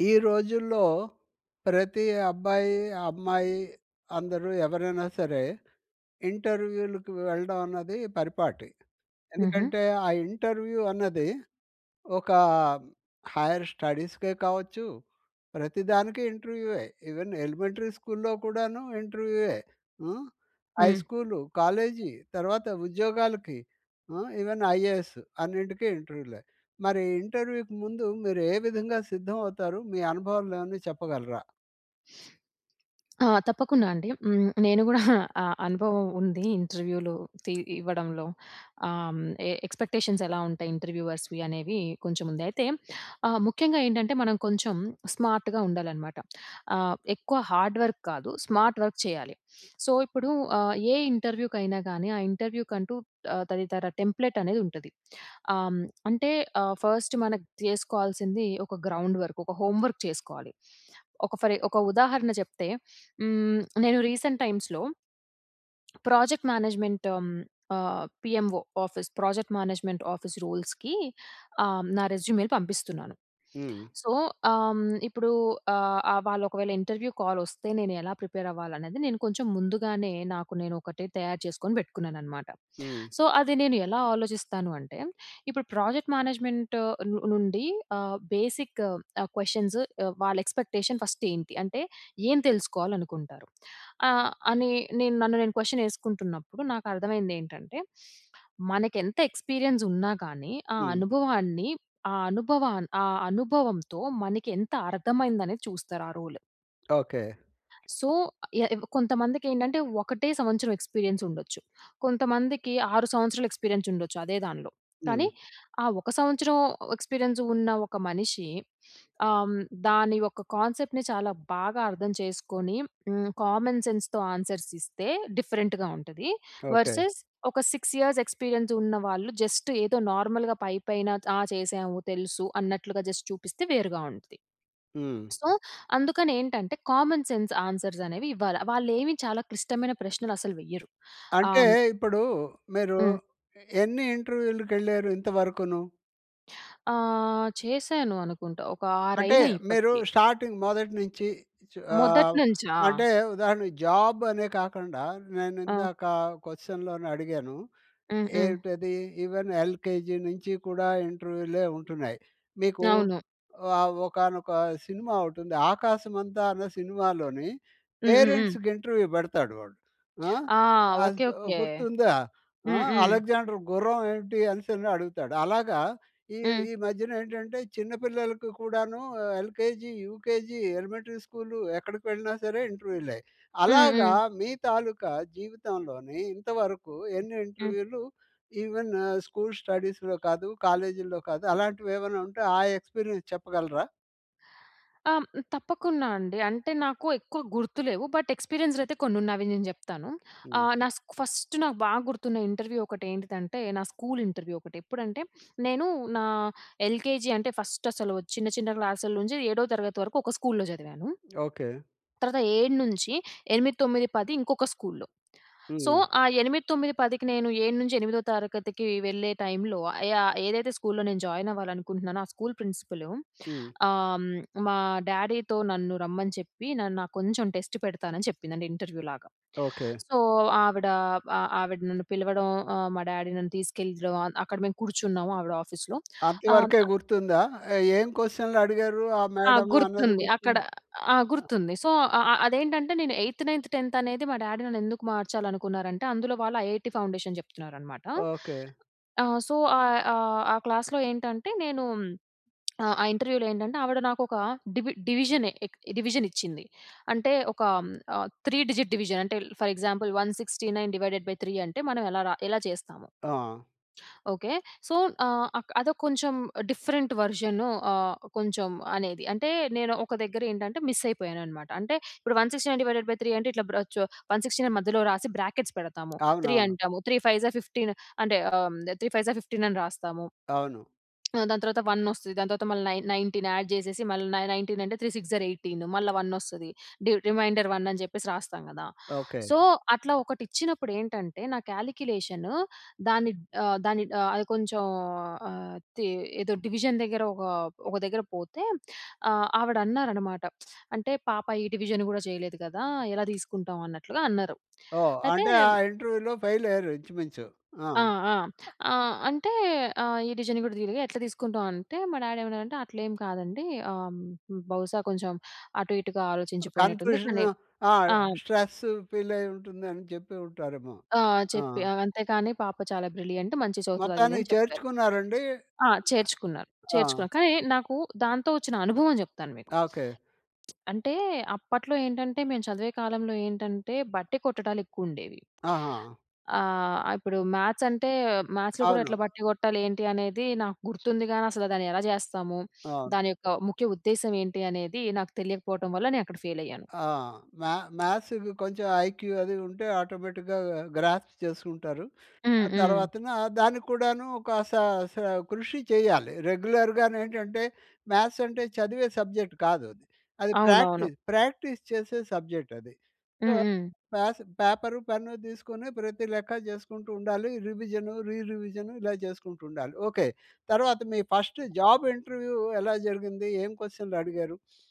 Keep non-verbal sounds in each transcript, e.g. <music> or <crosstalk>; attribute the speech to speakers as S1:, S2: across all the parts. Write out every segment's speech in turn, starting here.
S1: ఈ రోజుల్లో ప్రతి అబ్బాయి, అమ్మాయి అందరూ ఎవరైనా సరే ఇంటర్వ్యూ‌లకి వెళ్ళడం అన్నది పరిపాటి.
S2: హుహు.
S1: ఎందుకంటే, ఆ ఇంటర్వ్యూ అన్నది ఒక హైర్ స్టడీస్‌కే కావచ్చు, ప్రతి దానికి ఇంటర్వ్యూవే. ఈవెన్ ఎలిమెంటరీ స్కూల్‌లో కూడాను ఇంటర్వ్యూవే. హ్మ్, హై
S2: హ్మ్.
S1: స్కూలు, కాలేజీ తర్వాత ఉద్యోగాలకి హ్మ్, ఈవెన్ ఐఏఎస్ అన్నింటికీ ఇంటర్వ్యూలే. మరి ఇంటర్వ్యూకి ముందు మీరు ఏ విధంగా సిద్ధం అవుతారు? మీ అనుభవాలు ఏమన్న చెప్పగలరా?
S2: <sniffs> ఆ! తప్పకుండా అండి. హ్మ్. నేను కూడా <chuckles> ఆ అనుభవం ఉంది ఇంటర్వ్యూలు తి ఇవ్వడంలో, ఆహ్, హ్మ్, ఎక్స్‌పెక్టేషన్స్ ఎలా ఉంటాయి ఇంటర్‌వ్యూవర్స్‌వి అనేవి కొంచెం ఉంది. అయితే ఆహ్, ముఖ్యంగా ఏంటంటే మనం కొంచెం స్మార్ట్‌గా ఉండాలనమాట. ఆహ్, ఎక్కువ హార్డ్ వర్క్ కాదు. స్మార్ట్ వర్క్ చేయాలి. <sniffs> సో, ఇప్పుడు ఆహ్, ఏ ఇంటర్వ్యూకైనా గానీ, ఆ ఇంటర్వ్యూ కంటూ ఆహ్, తదితర టెంప్లేట్ అనేది ఉంటుంది. ఆహ్, హ్మ్, అంటే, ఆహ్ ఫస్ట్ మనం చేసుకోవాల్సింది ఒక గ్రౌండ్ వర్క్, ఒక హోమ్ వర్క్ చేసుకోవాలి. ఒక ఫర్ ఒక ఉదాహరణ చెప్తే హ్మ్, నేను రీసెంట్ టైమ్స్‌లో ప్రాజెక్ట్ మ్యానేజ్మెంట్ హ్మ్, ఆహ్, PMO office project management office రూల్స్‌కి ఆహ్, నా రెస్యూమే‌లు పంపిస్తున్నాను.
S1: హ్మ్.
S2: సో, ఆహ్, హ్మ్, ఇప్పుడు ఆహ్, వాళ్ళు ఒకవేళ ఇంటర్వ్యూ కాలొస్తే, నేను ఎలా ప్రిపేర్ అవ్వాలనేది నేను కొంచెం ముందుగానే నాకు నేను ఒకటి తయారు చేసుకొని పెట్టుకున్నానన్నమాట.
S1: హ్మ్.
S2: సో, అది నేను ఎలా ఆలోచిస్తాను అంటే, ఇప్పుడు ప్రాజెక్ట్ మేనేజ్మెంట్ ను నుండి ఆహ్, బేసిక్ క్వెషన్సు ఆహ్, వాళ్ళ ఎక్స్‌పెక్టేషన్ ఫస్ట్ ఏంటి. అంటే, ఏం తెలుసుకోవాలనుకుంటారు. ఆహ్, అని నేను, నన్ను నేను క్వెషన్ వేసుకుంటున్నప్పుడు నాకర్థమైందేంటంటే, <sniffs> మనకెంత ఎక్స్పీరియన్స్ ఉన్నా కాని, ఆ
S1: హ్మ్.
S2: అనుభవాన్ని, ఆ అనుభవా ఆ అనుభవంతో మనకెంత అర్థమైంది అనేది చూస్తారు. ఆ రోల్.
S1: ఓకే.
S2: సో, య కొంతమందికి ఏంటంటే, ఒకటే సంవత్సరం ఎక్స్పీరియన్స్ ఉండొచ్చు. కొంతమందికి, 6 సంవత్సరాలు ఎక్స్పీరియన్స్ ఉండొచ్చు అదే దాంట్లో. కానీ,
S1: హ్మ్.
S2: ఆ ఒక సంవత్సరం ఎక్స్పీరియన్స్ ఉన్న ఒక మనిషి ఆహ్, హ్మ్, దాని యొక్క కాన్సెప్ట్‌ని చాలా బాగా అర్థం చేసుకొని హ్మ్, కామన్ సెన్స్‌తో ఆన్సర్స్ ఇస్తే డిఫరెంట్‌గా ఉంటది.
S1: ఓకే.
S2: వర్సెస్ ఒక 6 ఇయర్స్ ఎక్స్పీరియన్స్ ఉన్న వాళ్ళు జస్ట్, ఏదో నార్మల్‌గా పైపైన, "ఆ! చేశాము. తెలుసు" అన్నట్లుగా జస్ట్ చూపిస్తే వేరుగా ఉంటుంది.
S1: హ్మ్.
S2: సో, అందుకని ఏంటంటే, కామన్ సెన్స్ ఆన్సర్‌స్ అనేవి ఇవ్వాలి. వాళ్లేమి చాలా క్లిష్టమైన ప్రశ్నలు అసలు వెయ్యరు. ఆహ్,
S1: అంటే,
S2: హ్మ్
S1: ఇప్పుడు మీరు
S2: హ్మ్.
S1: ఎన్ని ఇంటర్వ్యూ‌లకి వెళ్లారు ఇంతవరకును?
S2: ఆ! చేశాను అనుకుంటా, ఒక 6
S1: అంటే,
S2: అయినయి
S1: మీరు
S2: ఇప్పటికి.
S1: స్టార్టింగ్ మొదటి నుంచి చి
S2: మొదటి
S1: ఆవ్
S2: నుంచా?
S1: అంటే ఉదాహరణకి జాబ్ అనే కాకుండా, నేను
S2: ఆ!
S1: ఇందాక క్వశ్చన్‌లోని అడిగాను.
S2: హ్మ్. హ్మ్.
S1: ఏంటది? ఈవెన్ ఎల్‍కేజీ నుంచి కూడా ఇంటర్వ్యూలే ఉంటున్నాయి. మీకు
S2: అవును.
S1: ఆహ్, ఒకానొక సినిమా ఓటుంది. 'ఆకాశమంతా' అన్న సినిమాలోని
S2: హ్మ్. హ్మ్. హ్మ్.
S1: పేరెంట్స్‌కి ఇంటర్వ్యూ పెడతాడు వాడు. ఆ!
S2: ఆ!
S1: ఆసు
S2: ఓకే. ఓకే.
S1: గుర్తుందా? ఆ!
S2: హ్మ్. హ్మ్.
S1: "అలెగ్జాండర్ గుర్రం ఏంటి?" అనేసని అడుగుతాడు. అలాగా ఈ
S2: హ్మ్.
S1: ఈ మధ్యన ఏంటంటే చిన్న పిల్లలకి కూడాను, ఎల్‍కేజీ, యూకేజీ, ఎలిమెంటరీ స్కూలు ఎక్కడికి వెళ్ళినా సరే ఇంటర్వ్యూలే.
S2: హ్మ్.
S1: అలాగా,
S2: హ్మ్.
S1: మీ తాలూకా జీవితంలోనీ ఇంతవరకు ఎన్ని
S2: హ్మ్.
S1: ఇంటర్వ్యూలు ఈవెను స్కూల్ స్టడీస్‌లో కాదు, కాలేజీల్లో కాదు అలాంటివి ఏమన్నా ఉంటే, ఆ ఎక్స్‌పీరియన్స్ చెప్పగలరా?
S2: అమ్ తప్పకుండా అండి. అంటే, నాకు ఎక్కువ గుర్తు లేవు. బట్, ఎక్స్పీరియన్స్‌లయితే కొన్నున్నా అవి నేను జెప్తాను.
S1: హ్మ్.
S2: ఆహ్, నా స్కూ ఫస్ట్ నాకు బాగా గుర్తున్న ఇంటర్వ్యూ ఒకటి ఏంటిదంటే, నా స్కూల్ ఇంటర్వ్యూ ఒకటి. ఎప్పుడంటే, నేను నా ఎల్‍కేజీ అంటే ఫస్ట్ అసలు చిన్న, చిన్న క్లాసుల నుంచి ఏడో తరగతి వరకు ఒక స్కూల్‌లో చదివాను.
S1: ఓకే.
S2: తర్వాత 7-8, 9, 10 ఇంకొక స్కూల్లో. సో,
S1: హ్మ్.
S2: ఆ 8, 9, 10కి నేను ఏడు నుంచి ఎనిమిదో తరగతికి వెళ్ళే టైమ్‌లో ఆహ్, యా ఏదైతే స్కూల్‌లో నేను జాయిన్ అవ్వాలనుకుంటున్నానో, ఆ స్కూల్ ప్రిన్సిపలు,
S1: హ్మ్.
S2: ఆహ్, హ్మ్, మా డాడీతో నన్ను రమ్మని చెప్పి, నన్ను ఆ కొంచెం టెస్ట్ పెడతానని చెప్పిందండి ఇంటర్వ్యూ లాగా.
S1: ఓకే.
S2: సో, ఆవిడ ఆ ఆవిడ నన్ను పిలవడం, ఆహ్, మా డాడీ నన్ను తీసుకెళ్ళడం, అక్కడ మేము కూర్చున్నాము. ఆవిడ ఆఫీస్‌లో ఆహ్, హ్మ్,
S1: అంతవరకే
S2: న
S1: గుర్తుందా? ఏం క్వషన్‌‍లు అడిగారు ఆ
S2: ఆ!
S1: మేడము అన్నది
S2: గుర్తుంది
S1: గుర్తుం
S2: అక్కడ ఆ!
S1: ఆ!
S2: గుర్తుంది. సో, అ అ అదేంటంటే నేను ఎయిత్, నైన్త్, 10థ్ అనేది మా డాడి నన్నెందుకు మార్చాలనుకున్నారంటే, అందులో వాళ్ళు ఐఐటీ ఫౌండేషన్ చెప్తున్నారనమాట.
S1: ఓకే.
S2: ఆ! సో, ఆహ్, ఆహ్, ఆ క్లాస్‌లో ఏంటంటే, నేను ఆ ఇంటర్వ్యూలో ఏంటంటే, ఆవిడ నాకొక డివి డివిజనే ఇ డివిజన్ ఇచ్చింది. అంటే ఒక ఆహ్, హ్మ్, త్రీ డిజిట్ డివిజన్ అంటే, ఫర్ ఎగ్జాంపుల్, 169 డివైడెడ్ బై 3 అంటే మనం ఎలా రా ఎలా చేస్తాము?
S1: ఆ!
S2: ఓకే. సో, ఆహ్, అక్ అదో కొంచెం డిఫరెంట్ వెర్షను ఆహ్, కొంచెం అనేది. అంటే, నేను ఒక దగ్గర ఏంటంటే, మిస్ అయిపోయానన్నమాట. అంటే ఇప్పుడు 169 డివైడెడ్ బై 3 అంటే, ఇట్లా బ్ర చో 169 మధ్యలో రాసి బ్రాకెట్స్ పెడతాము. 3
S1: అవునవును.
S2: అంటాము. 3, 5 జార్ 15 అంటే ఆహ్, హ్మ్, 3, 5 జార్ 15 అని రాస్తాము.
S1: అవును.
S2: ఆ! దాని తర్వాత 1 వస్తది. దాని తర్వాత మళ్ళీ నైన్ 19 యాడ్ చేసేసి, మళ్ళీ న 19 అంటే, 3, 6 జార్ 18 మళ్ళ 1 వస్తది. డి రిమైండర్ 1 అని చెప్పేసి రాస్తాం కదా!
S1: ఓకే.
S2: సో, అట్లా ఒకటిచ్చినప్పుడు ఏంటంటే, నా క్యాలిక్యులేషను దాన్ని ఆహ్, దాన్ని ఆహ్, అది కొంచెం ఆహ్, తి ఏదో డివిజన్ దగ్గర ఒక ఒక దగ్గర పోతే, ఆహ్, ఆవిడన్నారనమాట, "అంటే పాప ఈ డివిజన్ కూడా చేయలేదు కదా! ఎలా తీసుకుంటాం" అన్నట్లుగా అన్నారు.
S1: ఓహ్!
S2: అయితే
S1: అంటే, ఆ ఇంటర్వ్యూ‌లో ఫెయిల్ అయ్యారు. ఇంచుమించు. ఆ!
S2: ఆ! ఆ! ఆహ్, అంటే ఆహ్, ఈ డివిజన్ కూడా తీయలేదు. ఎట్లా తీసుకుంటామంటే, మా డాడి ఏమన్నాడంటే, "అట్లేం కాదండి ఆహ్, హ్మ్, బహుశా కొంచెం అటు ఇటుగా ఆలోచించిపోయినట్టుంది. కానీ,
S1: కన్ఫ్యూషను ఆ!
S2: ఆమ్"
S1: స్ట్రెసు ఫీలయి ఉంటుందని చెప్పి ఉంటారేమో?
S2: ఆ!
S1: ఆ!
S2: చెప్పి, అవంతేకాని పాప చాలా బ్రిలియంటు, మంచిగ చదువుతది
S1: మొత్తాన్నికి
S2: అదిదని చెప్పారు.
S1: చేర్చుకున్నారండి.
S2: ఆ! చేర్చుకున్నారు.
S1: ఆహ్!
S2: చేర్చుకున్నారు. కానీ, నాకు దాంతో వచ్చిన అనుభవం చెప్తాను మీకు.
S1: ఓకే.
S2: <smacks lips> అంటే, అప్పట్లో ఏంటంటే మేము చదివే కాలంలో ఏంటంటే, బట్టె కొట్టడాలు ఎక్కువ ఉండేవి.
S1: ఆహా!
S2: ఆహ్, ఇప్పుడు మ్యాథ్స్ అంటే మ్యాథ్స్‌లో కూడా
S1: అవును.
S2: ఎట్లా బట్టి కొట్టాలి ఏంటి అనేది నాకు గుర్తుంది, గాని అసలు దాన్ని ఎలా చేస్తాము,
S1: అవును.
S2: దాని యొక్క ముఖ్య ఉద్దేశ్యం ఏంటి అనేది నాకు తెలియకపోవటం వల్ల నేనక్కడ ఫెయిల్ అయ్యాను
S1: ఆ! మ్యా మ్యాథ్స్‌కి కొంచెం ఐక్యూ అది ఉంటే, ఆటోమేటిక్‌గా గ్రాస్ప్ చేసుకుంటారు.
S2: హ్మ్.
S1: ఆ
S2: హ్మ్.
S1: తర్వాతన దానికి కూడాను ఒక, సా సా కృషి చేయాలి. రెగ్యులర్‌గా‌ను ఏంటంటే, మ్యాథ్స్ అంటే చదివే సబ్జెక్ట్ కాదది.
S2: అవునవును.
S1: ప్రాక్టీస్, ప్రాక్టీస్ చేసే సబ్జెక్టది. సో,
S2: హ్మ్. హ్మ్.
S1: పాసు పేపరు, పెన్ను తీసుకొని ప్రతి లెక్క చేసుకుంటూ ఉండాలి. రివిజన్, రీ రివిజన్ ఇలా చేసుకుంటూ ఉండాలి. ఓకే. తర్వాత మీ ఫస్ట్ జాబ్ ఇంటర్వ్యూ ఎలా జరిగింది? ఏం క్వశ్చన్‌లు అడిగారు? <sniffs>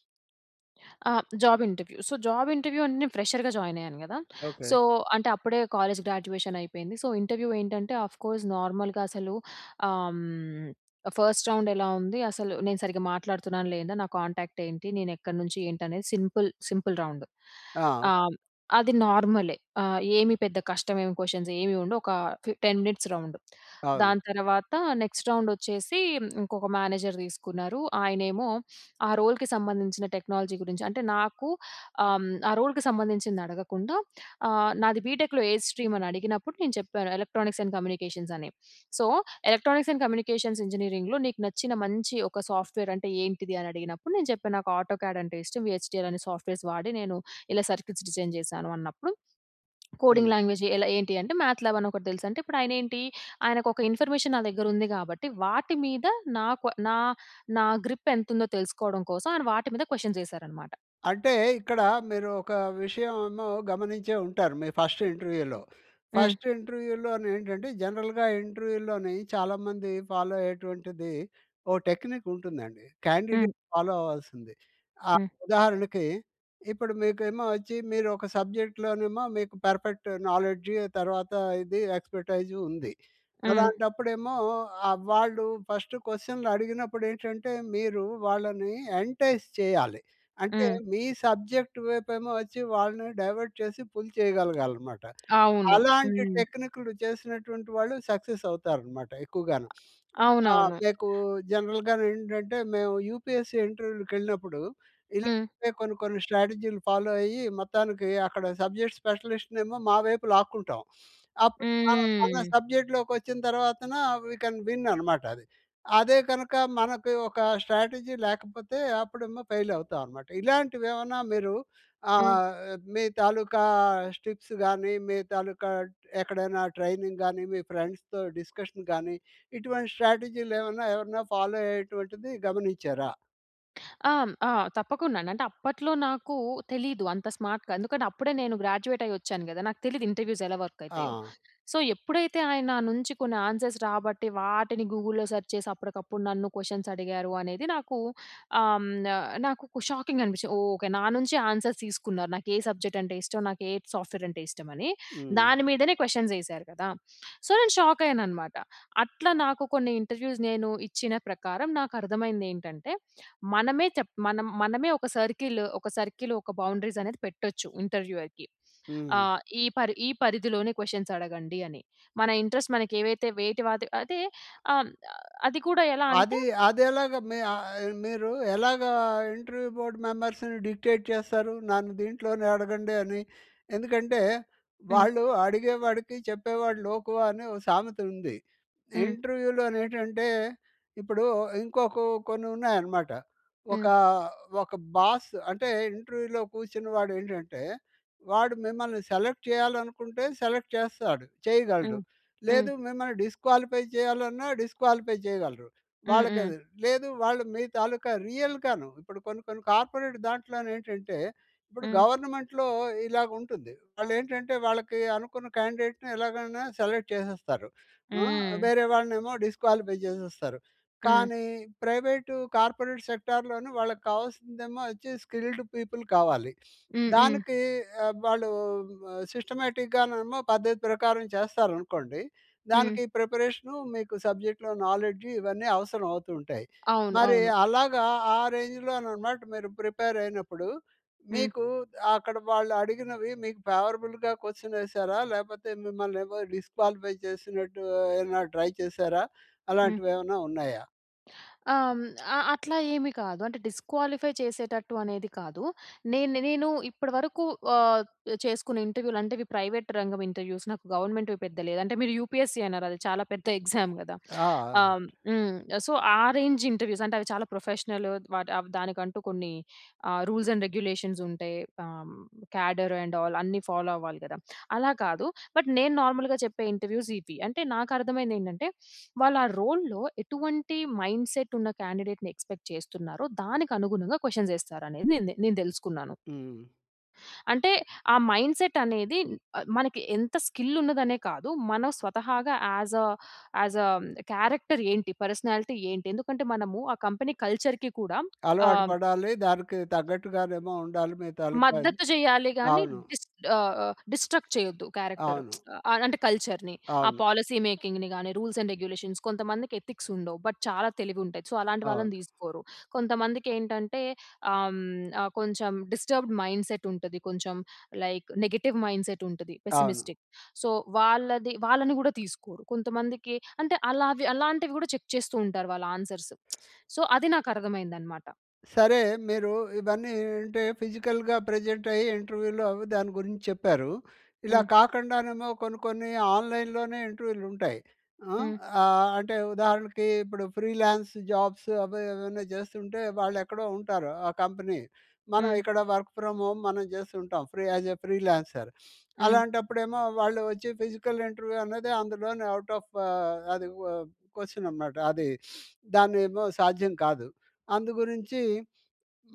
S2: ఆ! Job interview. So, job interview అంటే నేను ఫ్రెషర్‌గా జాయిన్ అయ్యాను కదా!
S1: ఓకే.
S2: సో, అంటే అప్పుడే కాలేజ్ గ్రాడ్యుయేషన్ అయిపోయింది. సో, ఇంటర్వ్యూ ఏంటంటే అఫ్‌కోర్స్ నార్మల్‌గా అసలు ఆహ్, హ్మ్, ఫస్ట్ రౌండ్ ఎలా ఉంది. అసలు నేను సరిగ్గా మాట్లాడుతున్నానా, లేదా? నా కాంటాక్ట్ ఏంటి? నేను ఎక్కడి నుంచి ఏంటి? అనేది సింపుల్, సింపుల్ రౌండ్.
S1: ఆవ్
S2: ఆహ్, అది నార్మలే. ఆహ్, ఏమి పెద్ద కష్టమేమి క్వశ్చన్స్ ఏమి ఉండవు. ఒక ఫి 10 మినిట్స్ రౌండ్.
S1: అవును.
S2: దాని తర్వాత నెక్స్ట్ రౌండ్ వచ్చేసి ఇంకొక మేనేజర్ తీసుకున్నారు. ఆయనేమో ఆ రోల్‌కి సంబంధించిన టెక్నాలజీ గురించి అంటే నాకూ ఆహ్, హ్మ్, ఆ రోల్‌కి సంబంధించింది అడగకుండా, ఆహ్, నాది బీటెక్‌లో ఏ స్ట్రీమ్ అని అడిగినప్పుడు, నేను చెప్పాను ఎలక్ట్రానిక్స్ అండ్ కమ్యూనికేషన్ అని. సో, ఎలక్ట్రానిక్స్ అండ్ కమ్యూనికేషన్స్ ఇంజినీరింగ్‌లో నీకు నచ్చిన మంచి ఒక సాఫ్ట్‌వేర్ అంటే ఏంటిది? అనడిగినప్పుడు నేను చెప్పాను. నాకు ఆటోకాడ్ అంటే ఇష్టం. ఈ హెచ్టీఎల్ అనే సాఫ్ట్‌వేర్స్ వాడి నేను ఇలా సర్‌క్యూట్స్ డిజైన్ చేశాను అన్నప్పుడు, కోడింగ్
S1: హ్మ్.
S2: లాంగ్వేజ్ ఎలా ఏంటి అంటే, మ్యాథ్‌ల్యాబ్ అని ఒకటి తెలుసంటే ఇప్పుడు ఆయన ఏంటి? ఆయనకు ఒక ఇన్ఫర్మేషన్ నా దగ్గర ఉంది కాబట్టి, వాటి మీద నాకు నా నా గ్రిప్ ఎంతుందో తెలుసుకోవడం కోసం ఆయన వాటి మీద క్వశ్చన్స్ వేశారన్నమాట.
S1: అంటే ఇక్కడ మీరు ఒక విషయము ఏమో గమనించే ఉంటారు మీ ఫస్ట్ ఇంటర్వ్యూలో.
S2: హ్మ్.
S1: ఫస్ట్ ఇంటర్వ్యూలోని ఏంటంటే జనరల్‌గా ఇంటర్వ్యూలోని చాలామంది ఫాలో అయ్యేటువంటిది ఓ టెక్నిక్ ఉంటుందండి.
S2: హ్మ్.
S1: క్యాండిడేట్ ఫాలో అవ్వాల్సింది. ఆ!
S2: హ్మ్.
S1: ఉదాహరణకి, ఇప్పుడు మీకేమో వచ్చి మీరోక సబ్జెక్ట్‌లోనేమో మీకు పర్ఫెక్ట్ నాలెడ్జ్ ఆ తర్వాత ఇది ఎక్స్‌పెర్టైజ్ ఉంది.
S2: హ్మ్.
S1: అలాంటప్పుడేమో ఆ! వాళ్ళు ఫస్ట్ క్వశ్చన్‌లు అడిగినప్పుడు ఏంటంటే, మీరు వాళ్ళని ఎంటైస్ చేయాలి. అంటే
S2: హ్మ్.
S1: మీ సబ్జెక్ట్ వైపు ఏమో వచ్చి, వాళ్ళని డైవర్ట్ చేసి పుల్ చేయగలగాలన్నమాట.
S2: అవును.
S1: అలాంటి
S2: హ్మ్.
S1: టెక్నిక్‌‌లు చేసినటువంటి వాళ్ళు సక్సెస్ అవుతారన్నమాట ఎక్కువగాను. <sniffs> ఆ!
S2: అవునవును.
S1: మీకు జనరల్‌గాను ఏంటంటే మేము యూపీఎస్‌సి ఇంటర్వ్యూ‌లకేళ్ళినప్పుడు ఇలా
S2: హ్మ్.
S1: పే కొన్ని, కొన్ని స్ట్రాటజీలు ఫాలో అయ్యి, మొత్తానికి అక్కడ సబ్జెక్ట్స్ స్పెసిలిస్ట్‌నేమో మా వైపు లాక్కుంటాం. <sniffs> అప్పుడు మన మన
S2: హ్మ్.
S1: సబ్జెక్ట్‌లోకి వచ్చిన తర్వాతన వీ కెన్ విన్ అన్నమాట. అది. అదే కనుక మనకు ఒక స్ట్రాటజీ లేకపోతే, అప్పుడేమో ఫెయిల్ అవుతామన్నమాట. ఇలాంటివి ఏమన్నా మీరు
S2: హ్మ్.
S1: ఆహ్, మీ తాలూకా స్ టిప్స్‌గాని మీ తాలూకా డ్ ఎక్కడైనా ట్రైనింగ్‌గాని మీ ఫ్రెండ్స్‌తో డిస్కషన్‌గాని ఇటువంటి స్ట్రాటజీలు ఏమైనా, ఎవరైనా ఫాలో అయ్యేటువంటిది గమనించారా?
S2: <smacks lips> ఆహ్, ఆ! తప్పకుండాండి. అంటే, అప్పట్లో నాకూ తెలీదు అంత స్మార్ట్‌గా. ఎందుకంటే, అప్పుడే నేను గ్రాడ్యూయేటయ్యొచ్చాను గదా! నాకు తెలీదు ఇంటర్‌వ్యూసెలా వర్కయితాయో.
S1: ఆ!
S2: సో, ఎప్పుడైతే, ఆయన నా నుంచి కొన్ని ఆన్సర్స్ రాబట్టి, వాటిని గూగుల్‌లో సర్చ్ చేసి, అప్పడకప్పుడు నన్ను కొషన్సడిగారు అనేది నాకూ ఆహ్, న నాకొక షాకింగనిపిచ్చి, ఓహ్! ఓకే. నా నుంచే ఆన్సర్స్ తీసుకున్నారు. నాకు ఏ సబ్జెక్టంటే ఇష్టం, నాకేట్ సాఫ్ట్‌వేరంటే ఇష్టమనీ.
S1: హ్మ్.
S2: దాని మీదనే క్వషన్సేశారు గదా! సో, నేను షాకయ్యాననమాట. అట్లా నాకు, కొన్ని ఇంటర్‌వ్యూస్, నేను ఇచ్చిన ప్రకారం, నాకర్థమైందేంటంటే, మనమే చెప్ మనం మనమే ఒక సర్కిలు ఒక సర్కిలు, ఒక బౌండరీసనేది పెట్టొచ్చు, ఇంటర్‌వ్యూయర్‌కి.
S1: హ్మ్.
S2: ఆహ్, ఈ పరి ఈ పరిధిలోనే క్వషన్సడగండి అని. మన ఇంట్రస్ట్ మనకేవైతే వేటి వాతి అయితే, ఆహ్, అది కూడా ఎలా అంటే
S1: అదీ, అదెలాగా మీ ఆహ్, ఆహ్, మీరూ ఎలాగా ఇంటర్‌వ్యూ బోర్డ్ మెంబర్స్‌ని డిక్టేట్ చేస్తారు, నన్ను దీంట్లోనే అడగండి అని. ఎందుకంటే,
S2: హ్మ్.
S1: వాళ్ళు 'అడిగేవాడికి చెప్పేవాడు లోకువ' అని ఓ సామెతుంది.
S2: హ్మ్.
S1: ఇంటర్‌వ్యూలోనేంటంటే, ఇప్పుడూ ఇంకొ కో కొన్నున్నాయనమాట. ఒక
S2: హ్మ్.
S1: ఒక బాస్ అంటే, ఇంటర్‌వ్యూలో కూర్చున్న వాడు ఏంటంటే, వాడు మిమ్మల్ని సెలెక్ట్ చెయ్యాలనుకుంటే సెలెక్ట్ చేస్తాడు, చెయ్యగలడు.
S2: హ్మ్.
S1: లేదు
S2: హ్మ్.
S1: మిమ్మల్ని డిస్‌క్వాలిఫై చెయ్యాలన్నా, డిస్‌క్వాలిఫై చెయ్యగలరు,
S2: హ్మ్. హ్మ్.
S1: వాళ్ళకది. లేదు, వాళ్ళు మీ తాలూకా రియల్‌గాను ఇప్పుడు కొన్ని కొన్ని కార్పొరేట్ దాంట్లోనేంటంటే ఇప్పుడు
S2: హ్మ్.
S1: గవర్నమెంట్‌లో ఇలాగుంటుంది. వాళ్ళేంటంటే, వాళ్ళకి అనుకున్న క్యాండేట్‌ని ఎలాగైనా సెలెక్ట్ చేసేస్తారు. ఆ!
S2: హ్మ్.
S1: వేరే వాళ్ళనేమో డిస్‌క్వాలిఫై చేసేస్తారు,
S2: హ్మ్.
S1: కానీ ప్రైవేటు, కార్పొరేట్ సెక్టార్‌లోని వాళ్ళకు కావాల్సిందేమో అచ్చి స్కిల్డ్ పీపుల్ కావాలి.
S2: హ్మ్. హ్మ్.
S1: దానికీ ఆబ్ వాళ్ళూ సిస్టమాటిక్‌గానేమో పద్ధతి ప్రకారం చేస్తారనుకోండి.
S2: హ్మ్.
S1: దానికి ప్రిపరేషను మీకు సబ్జెక్ట్‌లో నాలెడ్జి ఇవన్నీ అవసరవవుతూ ఉంటాయి.
S2: అవును.
S1: మరి
S2: అవును.
S1: అలాగా, ఆ రేంజ్‌లోననమాట మీరు ప్రిపేరయినప్పుడు,
S2: హ్మ్.
S1: మీకు ఆహ్, అక్కడ వాళ్ళు అడిగినవి, మీకు ఫేవరబుల్‍గా కొ‌శ్చ‌‌నేశారా, లేకపోతే మిమ్మల్నేమో డిస్‌క్వాలిఫై చేసినట్టూ ఏవన్నా ట్రై చేశారా?
S2: హ్మ్.
S1: అలాంటివేవన్నా ఉన్నాయా?
S2: ఆహ్, హ్మ్ ఆహ్, అట్లా ఏమి కాదు అంటే డిస్క్వాలిఫై చేసేటట్టు అనేది కాదు. నేను నేను ఇప్పటి వరకు ఆహ్, చేసుకున్న ఇంటర్వ్యూలు అంటే ఇవి ప్రైవేట్ రంగం ఇంటర్వ్యూస్ నాకు గవర్నమెంట్‌వి పెద్ద లేదు. అంటే మీరు యూపీఎస్సీ అన్నారు. అది చాలా పెద్ద ఎగ్జామ్ గదా!
S1: ఆ!
S2: ఆహ్, హ్మ్. సొ ఆ రేంజ్ ఇంటర్వ్యూస్ అంటే అవి చాలా ప్రొఫెషనల్ వాట్ ఆవ్ దానికంటూ కొన్ని ఆహ్, రూల్స్ అండ్ రెగ్యులేషన్స్ ఉంటాయి. ఆహ్, కాడర్ అండ్ ఆల్ అన్ని ఫాలో అవ్వాలి గదా! అలా కాదు. బట్ నేను నార్మల్‌గా చెప్పే ఇంటర్వ్యూస్ ఈపి. అంటే నాకర్థం అయింది ఏంటంటే వాళ్ళా రోల్‌లో ఎటువంటి మైండ్ సెట్ ఉన్న క్యాండిడేట్‌ని ఎక్స్పెక్ట్ చేస్తున్నారో దానికి అనుగుణంగా క్వెషన్ ఏస్తారు అనేది నెంతె నేను తెలుసుకున్నాను.
S1: హ్మ్.
S2: అంటే ఆ మైండ్ సెట్ అనేది ఆహ్, మనకి ఎంత స్కిల్ ఉన్నదనే కాదు. మనం స్వతహాగా ఆస్ అ ఆస్ అ క్యారెక్టర్ ఏంటి? పర్సనాలిటీ ఏంటి? ఎందుకంటే మనము ఆ కంపెనీ కల్చర్‌కి కూడా
S1: అలవాటు
S2: ఆహ్
S1: పడాలి. దానికి తగ్గట్టుగానేమొ ఉండాలి. మీ తాలుక అని.
S2: మద్దతు చేయాలె గాని
S1: అవును.
S2: డిస్ ఆహ్, ఆహ్, డిస్ట్రక్ట్ చేయొద్దు క్యారెక్టర్.
S1: అవును.
S2: ఆహ్ <tsk> అంటే కల్చర్‌ని ఆ
S1: అవును.
S2: పాలిసీ మేకింగ్‌ని గాని రూల్స్ అండ్ రెగ్యులేషన్ కొంతమందికి ఎథిక్స్ ఉండవు. బట్ చాలా తెలివి ఉంటాయి. సో, అలాంటి
S1: అవును.
S2: వాళ్ళని తీసుకోరు. కొంతమందికి ఏంటంటే ఆహ్, హ్మ్, ఆహ్, కొంచెం డిస్టర్బ్డ్ మైండ్ సెట్ ఉంటది కొంచెం లైక్ నెగెటివ్ మైండ్ సెట్ ఉంటది.
S1: అవును.
S2: పెస్సిమిస్టిక్. సో వాళ్ళది వాళ్ళని గూడ తీసుకోరు. కొంతమందికి అంటే అలావి అలాంటివి గూడ చెక్ చేస్తూ ఉంటారు. వాళ్ళ ఆన్సర్స్. <tsk> సొ, అది నాకు అర్థం అయిందన్నమాట.
S1: సరే. మీరు ఇవన్నీ అంటే ఫిజికల్‌గా ప్రెజెంట్ అయ్యి ఇంటర్వ్యూలో అవి దాని గురించి చెప్పారు. ఇలా
S2: హ్మ్.
S1: కాకుండానేమో కొన్ని కొన్ని ఆన్‍లైన్‍లోనే ఇంటర్వ్యూలు ఉంటాయి. హ్మ్,
S2: హ్మ్.
S1: ఆహ్, అంటే ఉదాహరణకి ఇప్పుడు ఫ్రీలాన్స్ జాబ్స్ అవి ఏవైనా చేస్తుంటే వాళ్ళు ఎక్కడో ఉంటారు ఆ కంపెనీ. మనం
S2: హ్మ్.
S1: ఇక్కడ వర్క్ ఫ్రామ్ హోమ్ మనం చేస్తూ ఉంటాం. Free as a freelancer.
S2: హ్మ్.
S1: అలాంటప్పుడేమో వాళ్ళు ఒచ్చి ఫిజికల్ ఇంటర్వ్యూ అన్నదే అందులోనే ఔట్ ఆఫ్ ఆహ్, అది వ్ క్వెషన్ అనమాట. అది దాన్నేమో సాధ్యం కాదు. అందుగురించి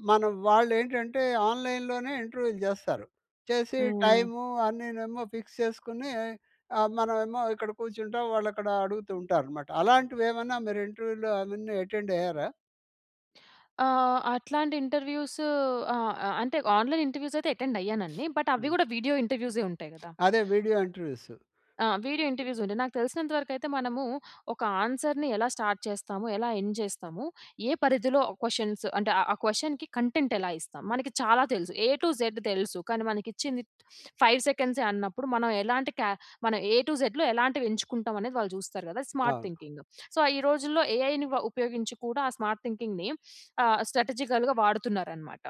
S1: మనం వాళ్ళు ఏంటంటే ఆన్‍లైన్‍లోనే ఇంటర్వ్యూలు చేస్తారు. చేసి
S2: హ్మ్.
S1: టైము అన్నినేమో ఫిక్స్ చేసుకొని ఆహ్, మనమేమో ఇక్కడ కూర్చుంటాం. వాళ్ళక్కడ అడుగుతూ ఉంటారనమాట. అలాంటివి ఏమన్నా మీరు ఇంటర్వ్యూలో అవన్నీ అటెండ్ అయ్యారా?
S2: ఆహ్, అట్లాంటి ఇంటర్వ్యూస్ ఆ! ఆహ్, అంటే ఆన్‌లైన్ ఇంటర్వ్యూస్ అయితే అటెండ్ అయ్యానండి.
S1: <sniffs>
S2: బట్ అవి
S1: హ్మ్.
S2: కూడా వీడియో ఇంటర్వ్యూసే ఉంటాయి కదా!
S1: అదే వీడియో ఇంటర్వ్యూస్.
S2: ఆ! వీడియో ఇంటర్వ్యూస్ ఉంటాయి. నాకు తెలిసినంత వరకు అయితే మనము ఒక ఆన్సర్‌ని ఎలా స్టార్ట్ చేస్తాము ఎలా ఎండ్ చేస్తాము. ఏ పరిధిలో క్వెషన్స్ అంటే ఆ క్వెషన్‌కి కంటెంట్ ఎలా ఇస్తాం. మనకి చాలా తెలుసు ఏ టూ జెడ్ తెలుసు. కానీ మనకి ఇచ్చింది <sniffs> 5 సెకండ్సే అన్నప్పుడు, మనం ఎలాంటి కే మనం ఏ టూ జెడ్‌లో ఎలాంటివి ఎంచుకుంటాం అనేది, వాళ్ళు చూస్తారు కదా! స్మార్ట్
S1: అవును.
S2: థింకింగ్. సో, ఆహ్, ఈ రోజుల్లో ఏఐని వ ఉపయోగించి కూడా ఆ స్మార్ట్ థింకింగ్‌ని ఆహ్, స్ట్రాటజికల్‌గా వాడుతున్నారనమాట.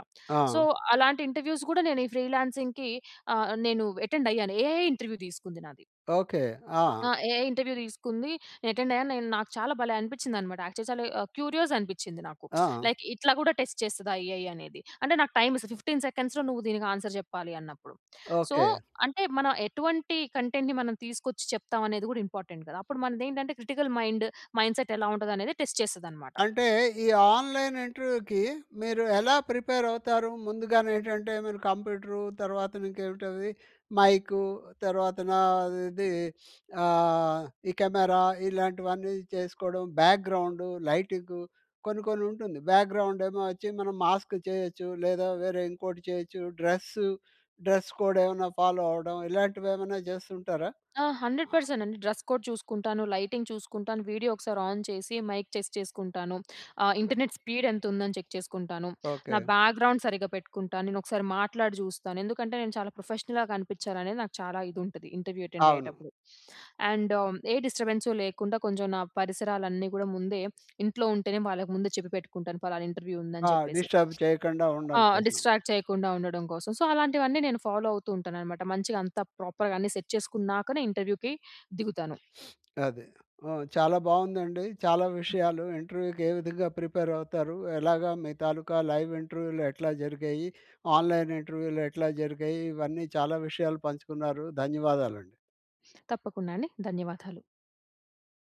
S2: సో,
S1: ఆ!
S2: అలాంటి ఇంటర్వ్యూస్ కూడా నేను ఈ ఫ్రీలాన్సింగ్‌కి ఆహ్, నేను అటెండ్ అయ్యాను ఏ‌ఐ ఇంటర్వ్యూ తీసుకుంది నాది.
S1: ఓకే. ఆ!
S2: ఆ! ఏ‌ఐ ఇంటర్వ్యూ తీసుకుంది. అటెండ్ అయ్యాను. నేను నాకు చాలా భలే! అనిపించింది అన్నమాట యాక్చువల్లీ ఆహ్, క్యూరియస్ అనిపించింది నాకు. <smacks lips>
S1: ఆ!
S2: లైక్ ఇట్లా కూడా టెస్ట్ చేస్తద ఏ‌ఐ అనేది. అంటే నాకు టైమ్‌ ఇస్తది. 15 సెకండ్స్‌లో నువ్వు దీనికి ఆన్సర్ చెప్పాలి అన్నప్పుడు. So,
S1: okay.
S2: అంటే మనం ఎటువంటి కంటెంట్‌ని మనం తీసుకొచ్చి, చెప్తాం అనేది కూడా ఇంపార్టెంట్ కదా! అప్పుడు మనదేంటంటే క్రిటికల్ మైండ్ మైండ్ సెట్ ఎలా ఉంటది అనేది టెస్ట్ చేస్తది అన్నమాట.
S1: అంటే ఈ ఆన్‍లైన్ ఇంటర్వ్యూకి మీరు ఎలా ప్రిపేర్ అవుతారు? ముందుగానే ఏంటంటే మీరు కంప్యూటరు, తర్వాతన ఇంకేంటది మైకు తర్వాతనా అది ఆహ్, ఈ కెమెరా ఇలాంటివన్నీ చేసుకోవడం బ్యాక్‍గ్రౌండు, లైటింగు కొన్ని, కొన్ని ఉంటుంది బ్యాక్‍గ్రౌండేమో వచ్చి, మనం మాస్క్ చేయొచ్చు లేదా వేరే ఇంకోటి చేయొచ్చు డ్రెస్సు. డ్రెస్ కోడ్ ఏమన్నా ఫాలో అవ్వడం ఇలాంటివి ఏమన్నా చేస్తుంటారా?
S2: ఆ! 100% అండి డ్రెస్ కోడ్ చూసుకుంటాను. లైటింగ్ చూసుకుంటాను. వీడియో ఒకసారి ఆన్ చేసి, మైక్ చెస్ చేసుకుంటాను. ఆ! ఇంటర్నెట్ స్పీడ్ ఎంత ఉందని చెక్ చేసుకుంటాను. నా
S1: ఓకే.
S2: బ్యాక్గ్రౌండ్ సరిగ్గా పెట్టుకుంటాను. నేను ఒకసారి మాట్లాడి చూస్తాను, ఎందుకంటే నేను చాలా ప్రొఫెషనల్‌గా కనిపించాలనేది నాకు చాలా ఇది ఉంటది. ఇంటర్వ్యూ అటెండ్
S1: అవును.
S2: అయ్యేటప్పుడు. అండ్ ఏ డిస్టర్బెన్స్ లేకుండా కొంచెం నా పరిసరాలన్నీ కూడా, ముందే ఇంట్లో ఉంటేనే వాళ్ళకి ముందే చెప్పి పెట్టుకుంటాను. పలానా ఇంటర్వ్యూ
S1: ఆ!
S2: ఉందని చెప్పేసి.
S1: డిస్టర్బ్ చేయకండా
S2: ఆ!
S1: ఉండడం కోసం.
S2: డిస్ట్రాక్ట్ చేయకుండా ఉండడం కోసం. సో, అలాంటివన్నీ నేను ఫాలో అవుతూ ఉంటానన్నమాట, మంచిగా అంత ప్రాపర్‌గా అన్ని సెట్ చేసుకున్నాకనే ఇంటర్వ్యూ‌కి దిగుతాను.
S1: <sniffs> అదే. ఆ! చాలా బాగుందండి. చాలా విషయాలు ఇంటర్వ్యూ‌కి ఏ విధంగా ప్రిపేర్ అవుతారు. ఎలాగా మీ తాలూకా లైవ్ ఇంటర్వ్యూలు ఎట్లా జరిగాయి. ఆన్లైన్ ఇంటర్వ్యూలు ఎట్లా జరిగాయి, ఇవన్నీ చాలా విషయాలు పంచుకున్నారు. ధన్యవాదాలండి.
S2: తప్పకుండా అండి. ధన్యవాదాలు.